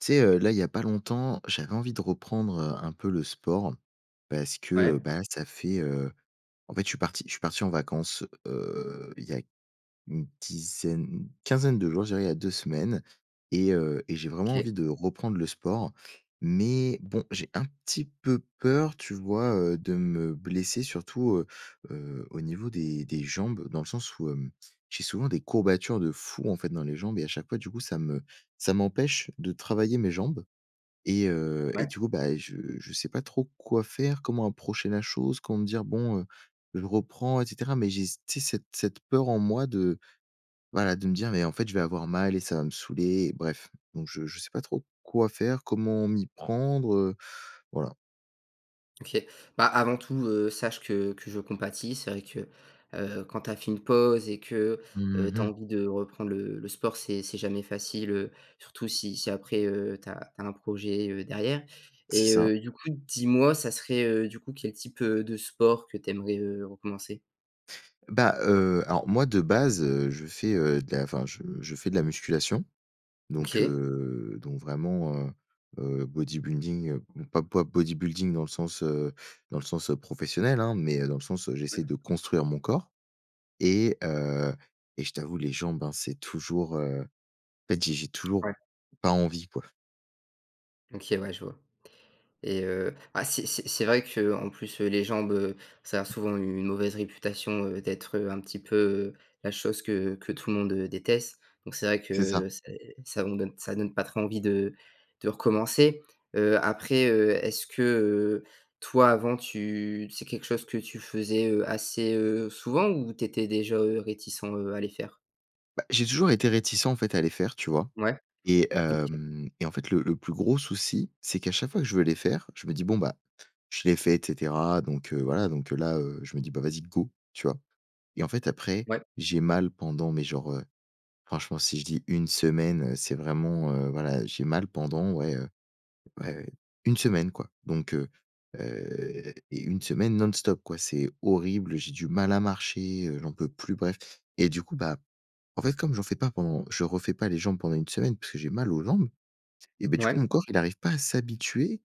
Tu sais, heu, là il y a pas longtemps j'avais envie de reprendre, heu, un peu le sport, parce que, Ouais. bah, ça fait, heu, en fait je suis parti je suis parti en vacances, heu, il y a une dizaine, quinzaine de jours je dirais, il y a 2 semaines et heu et j'ai vraiment OK. envie de reprendre le sport. Mais bon, j'ai un petit peu peur, tu vois, heu, de me blesser surtout, heu heu, au niveau des des jambes, dans le sens où hem, j'ai souvent des courbatures de fou en fait dans les jambes et à chaque fois, du coup, ça me ça m'empêche de travailler mes jambes et heu, et Ouais. du coup bah, je je sais pas trop quoi faire, comment approcher la chose, comment me dire: «Bon, heu, je reprends, et cetera». Mais j'ai s tu sais cette cette peur en moi de voilà, de me dire: «Mais en fait, je vais avoir mal et ça va me saouler». Bref! Donc je je sais pas trop quoi faire, comment m'y prendre, heu, voilà. OK. Bah, avant tout, heu, sache que que je compatis, c'est vrai que, heu, quand tu as fait une pause et que, Mmh heu, tu as mh. envie de reprendre le le sport c'est c'est jamais facile, heu, surtout si si après, heu, tu as tu as un projet, heu, derrière C'est et ça. heu, du coup dis-moi, ça serait, heu, du coup quel type, heu, de sport que tu aimerais, heu, recommencer? Bah, heu, alors moi de base, heu, je fais, heu, de la enfin je je fais de la musculation. Donc OK. heu, donc vraiment, heu heu, bodybuilding pas pas bodybuilding dans le sens, heu, dans le sens, heu, professionnel, hein! Mais, heu, dans le sens, heu, j'essaie [unintelligible] de construire mon corps. Et heu et je t'avoue les jambes, hein, c'est toujours, heu, en fait j'ai j'ai toujours Ouais. pas envie quoi. OK, ouais, je vois. Et heu, bah c'est c'est c'est vrai qu'en plus, heu, les jambes, heu, ça a souvent une mauvaise réputation, heu, d'être, heu, un petit peu la chose que que tout le monde déteste. Donc c'est vrai C'est ça. que c'est ça on donne ça donne pas trop envie de de recommencer. Heu, après, heu, est-ce que, heu, toi avant tu c'est quelque chose que tu faisais, heu, assez, heu, souvent ou tu étais déjà, heu, réticent, heu, à les faire? Bah, j'ai toujours été réticent, en fait, à les faire, tu vois. Ouais. Et Ok. hem et en fait le le plus gros souci, c'est qu'à chaque fois que je veux les faire, je me dis: «Bon bah je les fait, et cetera». Donc heu, voilà donc heu, là, heu, je me dis: «Bah vas-y, go!» Tu vois. Et en fait, après, Ouais. j'ai mal pendant, mais genre, heu, franchement, si je dis une semaine, c'est vraiment, heu, voilà, j'ai mal pendant, ouais, heu, ouais ouais une semaine, quoi. Donc heu heu, et une semaine non-stop, quoi. C'est horrible, j'ai du mal à marcher, heu, j'en peux plus, bref. Et du coup, bah, en fait, comme j'en fais pas pendant je refais pas les jambes pendant une semaine parce que j'ai mal aux jambes et beh du coup Ouais. mon corps il arrive pas à s'habituer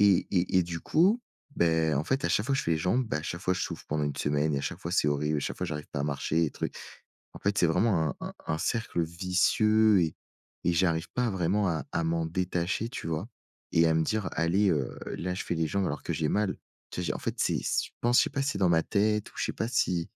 et et et du coup, beh, en fait, à chaque fois, je fais les jambes, beh, à chaque fois je souffre pendant une semaine et à chaque fois c'est horrible et à chaque fois j'arrive pas à marcher et truc. En fait, c'est vraiment un un un cercle vicieux et et j'arrive pas vraiment à à m'en détacher, tu vois. Et à me dire, allez, heu, là je fais les jambes alors que j'ai mal. Tu sais en fait, c'est, je pense, je sais pas si c'est dans ma tête, ou je sais pas si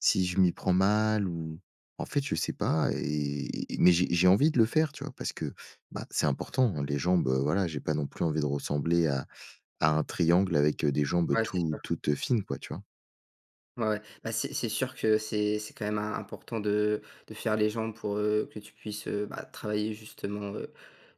si je m'y prends mal ou, en fait je sais pas, et mais j'ai j'ai envie de le faire, tu vois, parce que, bah, c'est important, les jambes, heu, voilà, j'ai pas non plus envie de ressembler à à un triangle avec, heu, des jambes Ouais, c'est tout sûr. toutes fines quoi, tu vois? Ouais, ouais. Bah, c'est c'est sûr que c'est c'est quand même im important de de faire les jambes pour, heu, que tu puisses, heu, bah travailler justement, heu,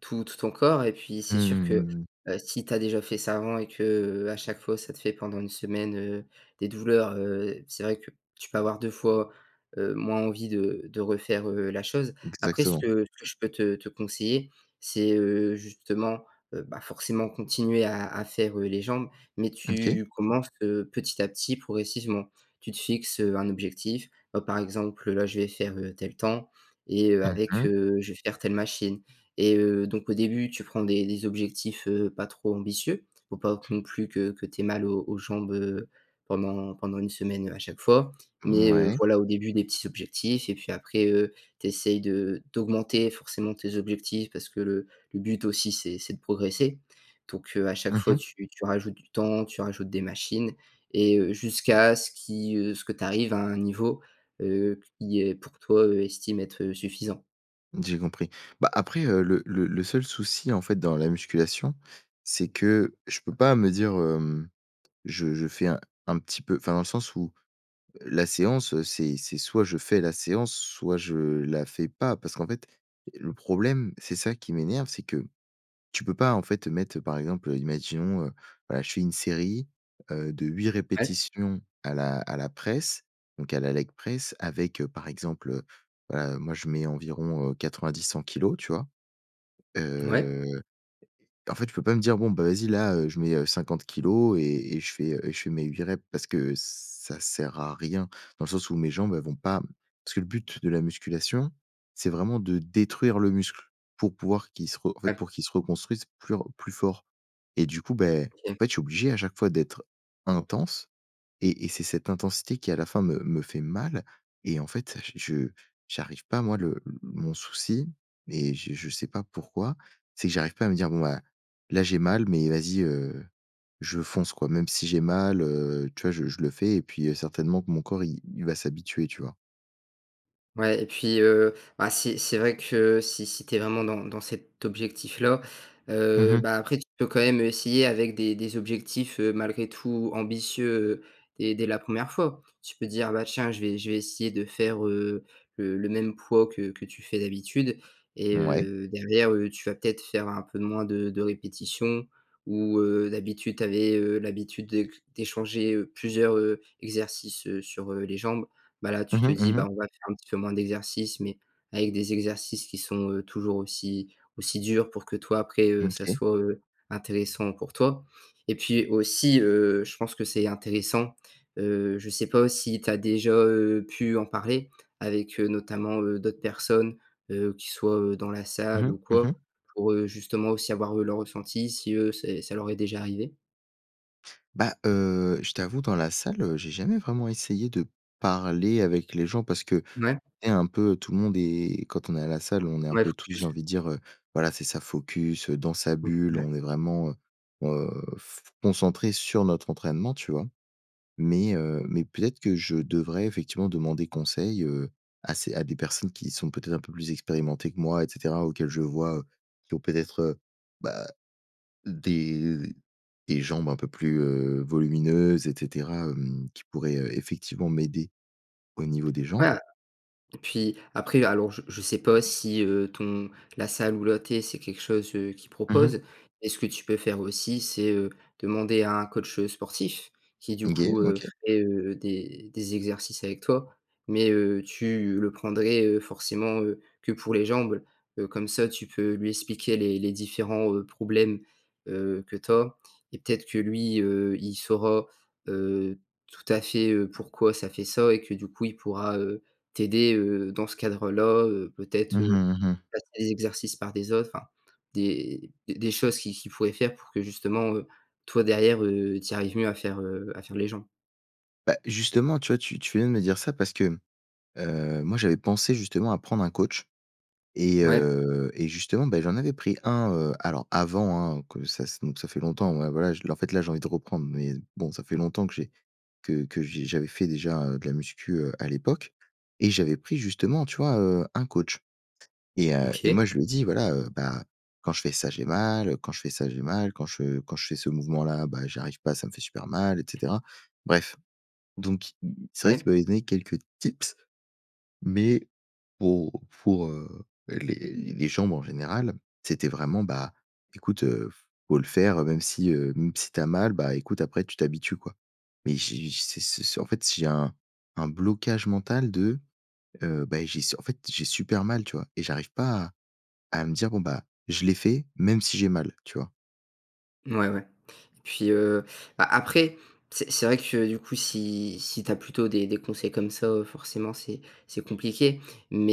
tout tout ton corps et puis Mmh, c'est sûr mmh, que, mmh, mh. heu, si tu as déjà fait ça avant et qu'à chaque fois ça te fait pendant une semaine, heu, des douleurs, heu, c'est vrai que tu peux avoir 2 fois, heu, moins envie de de refaire, heu, la chose. Après, ce Exactement. que ce que je peux te te conseiller c'est, heu, justement, heu, bah forcément continuer à à faire, heu, les jambes mais Ok. tu commences que petit à petit, progressivement. Tu te fixes, heu, un objectif, bah, par exemple, là je vais faire, heu, tel temps. Et heu, Mmh avec, mh. heu, je vais faire telle machine. Et heu, donc au début tu prends des des objectifs, heu, pas trop ambitieux, faut pas que non plus que que tu aies mal aux aux jambes, heu, pendant pendant une semaine à chaque fois. Mais heu, Mouais. voilà au début des petits objectifs et puis après, heu, tu essayes de d'augmenter forcément tes objectifs parce que le le but aussi c'est c'est de progresser. Donc heu, à chaque Mmh fois mh. tu tu rajoutes du temps tu rajoutes des machines et heu, jusqu'à ce qui, heu ce que tu arrives à un niveau, heu, qui est pour toi, heu, estime être suffisant. J'ai compris. Bah, après, heu, le le le seul souci en fait dans la musculation, c'est que je peux pas me dire hem, je je fais un un petit peu enfin dans le sens où la séance c'est c'est soit je fais la séance soit je la fais pas, parce qu'en fait et le problème c'est ça qui m'énerve, c'est que, tu peux pas en fait mettre par exemple, heu, imaginons, heu, voilà, je fais une série, heu, de 8 Ouais. répétitions à la à la presse donc à la leg press avec heu, par exemple, heu, voilà, moi, je mets environ, heu, 90-100 kilogrammes, tu vois? Mouais. Heu, et en fait, je peux pas me dire: «Bon, bah vas-y, là, heu, je mets, heu, 50 kilogrammes et et je fais et je fais mes 8 répétitions» parce que ça sert à rien dans le sens où mes jambes, elles vont pas parce que le but de la musculation, c'est vraiment de détruire le muscle pour pouvoir qu'il se re en fait Ouais. pour qu'il se reconstruise plus re plus fort. Et du coup, beh, en OK. fait, je suis obligé à chaque fois d'être intense et et c'est cette intensité qui à la fin me me fait mal et en fait, j je j'arrive pas moi le heu, mon souci et je je sais pas pourquoi. C'est que j'arrive pas à me dire: «Bon bah là j'ai mal, mais vas-y, heu, je fonce quoi.» Même si j'ai mal, heu, tu vois, je je le fais et puis heu, certainement que mon corps il il va s'habituer, tu vois? Ouais et puis, heu, bah, si c'est vrai que si si tu es vraiment dans dans cet objectif-là, Mmh heu, mh. bah, après tu peux, quand même, heu, essayer avec des des des objectifs, heu, malgré tout, ambitieux, dès dès la 1re fois. Tu peux dire: «Bah tiens! Je vais je vais essayer de faire, heu, le le même poids que que tu fais d'habitude» et Mouais. heu, derrière, heu, tu vas peut-être faire un peu moins de de répétition ou heu, d'habitude, tu avais, heu, l'habitude d'éc d'échanger, heu, plusieurs, heu, exercices, heu, sur, heu, les jambes, bah, là, tu Mmh te mh, dis: mmh «Ben, mh. on va faire un petit peu moins d'exercices mais avec des exercices qui sont, heu, toujours aussi aussi durs». Pour que, toi, après, heu, Mmh, ça OK soit, heu, intéressant pour toi et puis aussi, heu, je pense que c'est intéressant, heu, je sais pas si tu as déjà, heu, pu en parler avec, heu, notamment, heu, d'autres personnes, heu, qui soient, heu, dans la Mmh salle mh, ou mmh quoi? mh. Pour, heu, justement, aussi, avoir, eux, leur ressenti, si, eux, c'est ça leur est déjà arrivé. Bah heu, je t'avoue, dans la salle, heu, j'ai jamais vraiment essayé de parler avec les gens parce qu'on Ouais. est un peu tout le monde est quand on est à la salle, on est un Ouais, peu tous, j'ai focus. envie de dire, heu voilà, c'est ça focus, heu, dans sa Mmh, bulle. [unintelligible] On est vraiment, heu heu, f concentrés sur notre entraînement, tu vois? Mais heu, mais peut-être que je devrais, effectivement, demander conseil, heu, à ces à des personnes qui sont, peut-être, un peu plus expérimentées que moi et cetera, auxquelles je vois heu, qui ont peut-être, heu, bah, des des jambes un peu plus, heu, volumineuses et cetera, hem, qui pourraient, heu, effectivement m'aider au niveau des Ouais, jambes. a et puis après, alors, je je sais pas si, heu, ton la salle où là tu es, c'est quelque chose, heu, qu'ils Mmh mh. proposent et ce que tu peux faire aussi, c'est, heu, demander à un coach, heu, sportif qui, du OK, coup, heu, OK. crée, heu, des des exercices avec toi mais heu, tu le prendrais, heu, forcément, heu, que pour les jambes. Heu, comme ça, tu peux lui expliquer les les différents, heu, problèmes, heu, que tu as et peut-être que lui, heu, il saura, heu, tout à fait, heu, pourquoi ça fait ça et que, du coup, il pourra, heu, t'aider, heu, dans ce cadre-là, heu, Mmh peut-être, heu, mh, mmh mh. remplacer les exercices par des autres, des des des choses qu'il qu'il pourrait faire pour que, justement, heu, toi, derrière, heu, tu y arrives mieux à faire, heu, à faire les jambes. Bah, justement, tu vois? Tu tu fais bien de me dire ça parce que, heu, moi, j'avais pensé justement à prendre un coach et Mouais. heu, et justement, bah, j'en avais pris un, heu alors, avant, hein, heu, que ça se donc ça fait longtemps. Ouais, voilà, je en fait, là, j'ai envie de reprendre mais bon, ça fait longtemps que j'ai que que j'ai j'avais fait déjà, heu, de la muscu, heu, à l'époque et j'avais pris justement, tu vois? Heu, un coach et heu, et OK. moi, je lui ai dis: «Voilà, heu, bah, quand je fais ça, j'ai mal. Heu, quand je fais ça, j'ai mal. Quand je quand je fais ce mouvement-là, bah, j'y arrive pas, ça me fait super mal» et cetera. Bref donc c'est vrai Ouais. qu'il m'avait donné quelques tips. Mais pour pour, heu, les les jambes, en général, c'était vraiment: «Bah, écoute, heu, f faut le faire même si, heu, même si tu as mal. Bah, écoute, après tu t'habitues, quoi», mais j'ai j ce ce en fait, j'ai un un blocage mental de, heu, bah, j'ai s en fait, j'ai super mal, tu vois? Et j'arrive pas à à me dire: «Bon, bah, je les fais, même si j'ai mal», tu vois? Ouais, ouais et puis, heu, bah après, c'est c'est vrai que, du coup, si si tu as plutôt des des conseils comme ça, heu, forcément, c'est c'est compliqué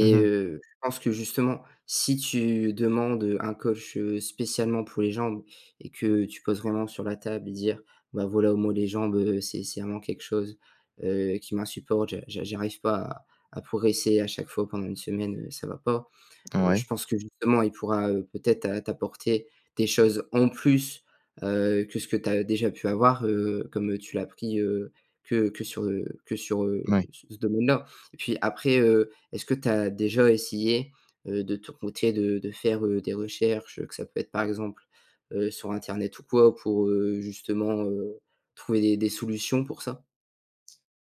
Mmh mh. heu, je pense que, justement, si tu demandes, heu, un coach, heu, spécialement pour les jambes et que tu poses vraiment sur la table et dire: «Bah, voilà, moi, les jambes, heu, c'est c'est vraiment quelque chose, heu, qui m'insupporte, je j'a j'arrive pas à à progresser, à chaque fois. Pendant une semaine, heu, ça va pas», heu, je Ouais. pense que, justement, il pourra, heu, peut-être t'a t'apporter des choses en plus, heu, que ce que tu as déjà pu avoir, heu, comme tu l'as pris, heu, que que sur, heu, que sur, heu, Mouais. ce ce domaine-là, et puis après, heu, est-ce que tu as déjà essayé, heu, de ton côté, de de faire, heu, des recherches, heu, que ça peut être, par exemple, heu, sur internet ou quoi ou pour, heu, justement, heu, trouver des des solutions pour ça?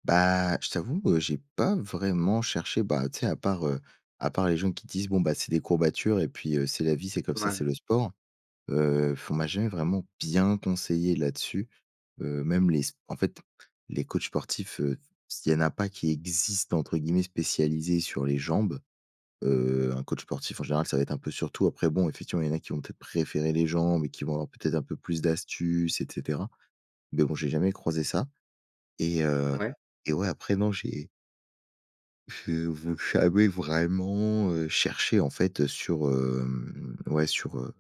Bah, je t'avoue, heu, j'ai pas vraiment cherché, bah, tu sais à part, heu, à part les gens qui disent: «Bon, bah c'est des courbatures et puis, heu, c'est la vie, c'est comme Ouais, ça, ouais. c'est le sport.» Heu, on m'a jamais vraiment bien conseillé là-dessus, heu, même les s en fait, les coachs sportifs, heu, s il y en a pas qui existent entre guillemets spécialisés sur les jambes. Heu, un coach sportif en général, ça va être un peu sur tout, après bon, effectivement, il y en a qui vont peut-être préférer les jambes et qui vont avoir, peut-être, un peu plus d'astuces et cetera. Mais bon, j'ai jamais croisé ça. Et heu Ouais. et ouais, après non, j'ai j'ai v jamais vraiment, heu, cherché en fait, heu, sur, hem, ouais sur, heu,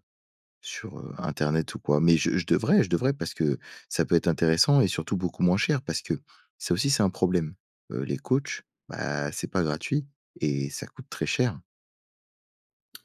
sur, heu, internet ou quoi, mais je je devrais je devrais parce que, ça peut être intéressant et surtout beaucoup moins cher parce que, ça aussi c'est un problème. Heu, les coachs, bah, c'est pas gratuit, et ça coûte très cher.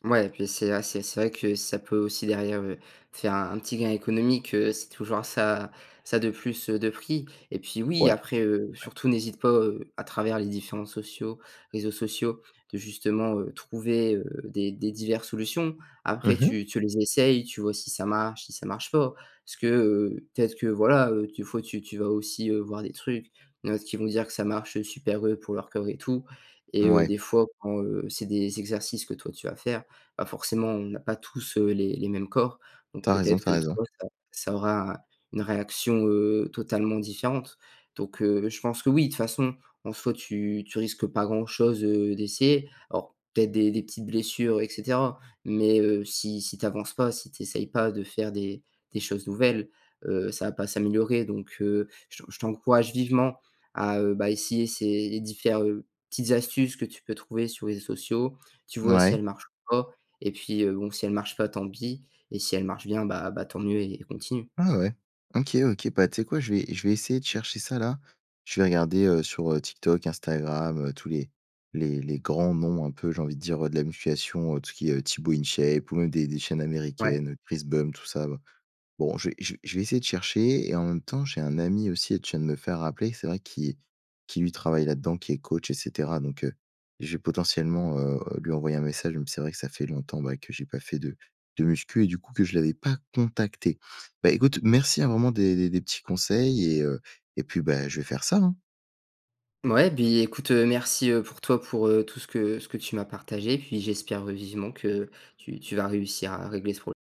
Mouais puis c'est a c'est c'est vrai que ça peut aussi derrière, heu, te faire un petit gain économique, heu, c'est toujours ça ça de plus, heu, de pris et puis oui Ouais. après, heu, Ouais. surtout n'hésite pas, heu, à travers les différents sociaux réseaux sociaux de justement, heu, trouver, heu, des des diverses solutions. Après Mmh mh. tu tu les essayes tu vois si ça marche, si ça marche pas. Parce que, heu, peut-être que voilà, heu, des fois tu tu vas aussi, heu, voir des trucs, heu, il y'en a d'autres qui vont dire que ça marche super, heu, pour leur corps et tout et heu, Ouais. des fois, bon, heu, c'est des exercices que toi tu vas faire, bah, forcément on n'a pas tous, heu, les les mêmes corps donc Tu as raison. peut-être Tu as que raison. toi ça ça aura, une réaction, heu, totalement différente. Donc heu, je pense que oui, de toute façon en soi tu tu risques pas grand chose, heu, d'essayer alors peut-être des des petites blessures et cetera, mais heu, si si tu avances pas, si tu essayes pas de faire des des choses nouvelles, heu, ça va pas s'améliorer. Donc heu, je te je t'encourage vivement à, heu, bah, essayer ces différ petites astuces que tu peux trouver sur les réseaux sociaux, tu vois si Mouais. elles marchent ou pas et puis bon, si elles marchent pas tant pis et si elles marchent bien, bah bah tant mieux et continue. Ah ouais! OK OK, bah tu sais quoi je vais je vais essayer de chercher ça là. Je vais regarder, heu, sur, heu, TikTok, Instagram, heu, tous les les les grands noms un peu, j'ai envie de dire, heu, de la musculation, heu, tout ce qui est heu, Tibo InShape ou même des des chaînes Ouais. américaines, Chris Bump, tout ça ba bon, je vais je vais je vais essayer de chercher et en même temps, j'ai un ami aussi, tu viens de me faire rappeler, c'est vrai qui qui lui travaille là-dedans qui est coach et cetera donc heu, je vais potentiellement, heu, lui envoyer un message, même si c'est vrai que ça fait longtemps, bah, que j'ai pas fait de de muscu et du coup que je l'avais pas contacté. Bah, écoute merci, hein, vraiment des des des petits conseils et heu et puis, bah, je vais faire ça, hein! Mouais, puis écoute, heu, merci, heu, pour toi pour, heu, tout ce que ce que tu m'as partagé puis j'espère, heu, vivement que tu tu vas réussir à régler ce prob